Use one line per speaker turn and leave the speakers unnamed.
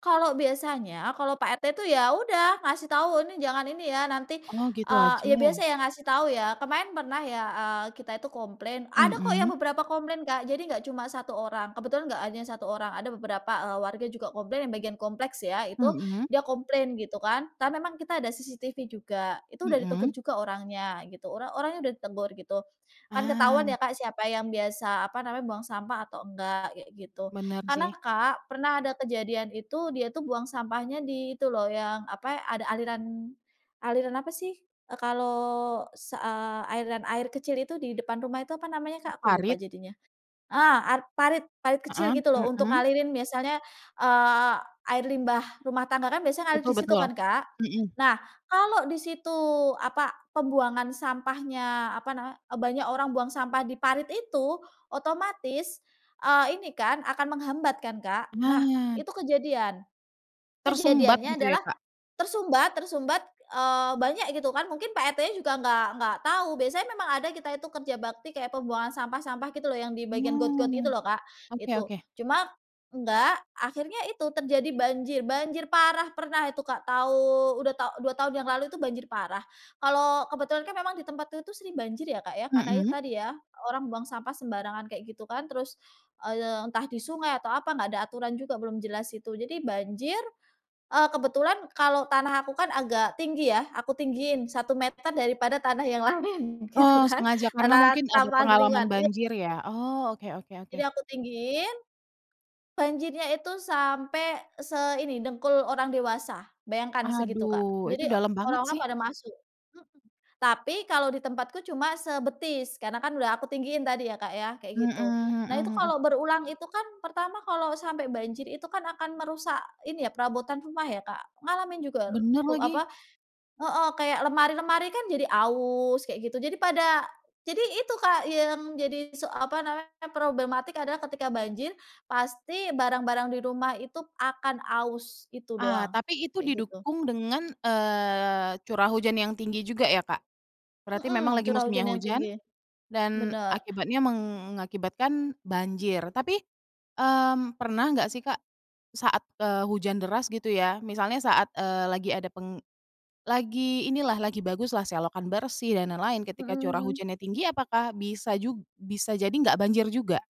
Kalau biasanya, kalau Pak RT tuh ya udah ngasih tahu, "Ini jangan, ini ya nanti,
Oh gitu
eee," ya
aja?
biasa ya ngasih tahu. Ya kemarin pernah ya, eee, kita itu komplain. Ada kok yang
Mhm.
beberapa komplain, Kak. Jadi enggak cuma 1 orang, kebetulan enggak hanya 1 orang, ada beberapa, eee, warga juga komplain yang bagian kompleks ya. Itu
Mhm.
dia komplain gitu kan. Kita memang ada CCTV juga, itu udah
Mhm.
ditegur juga orangnya gitu. Ora orangnya udah ditegur gitu, kan ketahuan ya,
Ah.
Kak, siapa yang biasa apa namanya, buang sampah atau enggak, kayak gitu.
Benar
Karena,
sih.
Kak, pernah ada kejadian, itu dia tuh buang sampahnya di itu loh, yang apa ya, ada aliran aliran apa sih, eee, kalau sa eee, aliran air kecil itu di depan rumah itu apa namanya,
Ee,
Kak? Aku lupa
parit?
jadinya eh, ar parit-parit kecil
Heeh,
gitu loh untuk
mhm.
ngalirin misalnya, eee, air limbah rumah tangga kan biasanya ngalir
Betul
di situ
betul.
kan, Kak.
Mhm.
Nah, kalau di situ apa, pembuangan sampahnya, apa nama, banyak orang buang sampah di parit itu otomatis, eee, ini kan akan menghambat kan, Kak? Nah,
Nah.
itu kejadian.
Tersumbat
Kejadiannya
gitu ya,
adalah
Kak?
tersumbat tersumbat, eee, banyak gitu kan. Mungkin Pak RT-nya juga enggak-enggak tahu. Biasanya memang ada kita itu kerja bakti, kayak pembuangan sampah-sampah gitu loh yang di bagian got-got gitu
Oh,
loh, Kak.
oke
Itu.
oke.
Cuma enggak, akhirnya itu terjadi banjir-banjir parah. Pernah itu, Kak, tau udah tau 2 tahun yang lalu itu banjir parah. Kalau kebetulan kan memang di tempatnya tuh sering banjir ya, Kak, ya. Karena itu
Mhm.
tadi ya, orang buang sampah sembarangan kayak gitu kan. Terus, eee, entah di sungai atau apa, enggak ada aturan juga, belum jelas itu. Jadi banjir, eee, kebetulan kalau tanah aku kan agak tinggi ya. Aku tinggiin 1 meter daripada tanah yang lain gitu
Oh,
kan.
sengaja karena
Tanah
mungkin ada
sampah di
pengalaman
lingkungan iya.
banjir ya? Oh, oke oke oke.
Jadi, aku tinggiin. Banjirnya itu sampai seini dengkul orang dewasa, bayangkan segitu, Kak,
Aduh, itu
jadi
dalam banget
orang-orang
sih.
pada masuk mhm. Tapi kalau di tempatku cuma sebetis karena kan udah aku tinggiin tadi ya, Kak, ya kayak
Mhm
gitu. Nah itu
mhm mhm.
kalau berulang itu kan pertama kalau sampai banjir itu kan akan merusak ini ya, perabotan rumah ya, Kak. Ngalamin juga
Bener
ru
lagi.
apa heeh, kayak lemari-lemari kan jadi aus kayak gitu jadi pada jadi itu, Kak, yang jadi se apa namanya, problematik adalah ketika banjir pasti barang-barang di rumah itu akan aus, itu
Ah
doang,
tapi itu
kayak gitu.
didukung dengan, eee, curah hujan yang tinggi juga ya, Kak? Berarti memang
Mhm,
lagi
curah hujan
musimnya
yang
hujan
tinggi.
dan
Bener.
akibatnya mengakibatkan banjir tapi, mmm, pernah enggak sih, Kak, saat, eee, hujan deras gitu ya, misalnya saat, eee, lagi ada peng lagi inilah lagi bagus lah, selokan bersih dan lain-lain ketika
Mhm
curah
mhm.
hujannya tinggi apakah bisa jug bisa jadi enggak banjir juga?